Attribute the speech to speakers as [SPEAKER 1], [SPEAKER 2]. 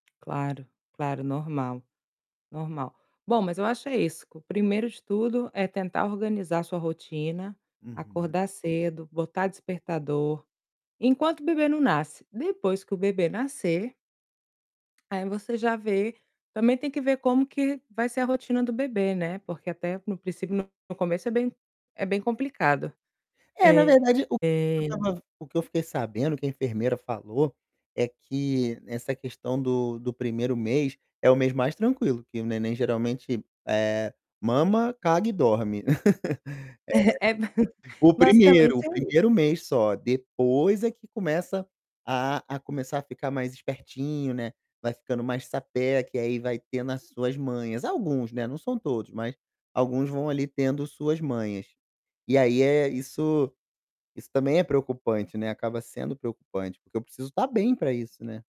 [SPEAKER 1] Claro, claro, normal. Normal. Bom, mas eu acho é isso, que o primeiro de tudo é tentar organizar sua rotina,
[SPEAKER 2] Uhum.
[SPEAKER 1] acordar cedo, botar despertador, enquanto o bebê não nasce, depois que o bebê nascer aí você já vê também tem que ver como que vai ser a rotina do bebê, né, porque até no princípio no começo é bem é bem complicado.
[SPEAKER 2] É, na
[SPEAKER 1] Eh
[SPEAKER 2] verdade o o que eu estava ven o que eu fiquei sabendo, que a enfermeira falou, é que essa questão do do 1º mês, é o mês mais tranquilo, que o neném geralmente, eh, mama, caga e dorme.
[SPEAKER 1] É, ba
[SPEAKER 2] É. O 1º, o
[SPEAKER 1] basicamente é i
[SPEAKER 2] 1º mês só, depois é que começa a a começar a ficar mais espertinho, né, vai ficando mais sapeca e aí vai tendo as suas manhas. Alguns, né, não são todos, mas alguns vão ali tendo suas manhas. E aí, eh, isso isso também é preocupante, né, acaba sendo preocupante, porque eu preciso estar bem para isso, né.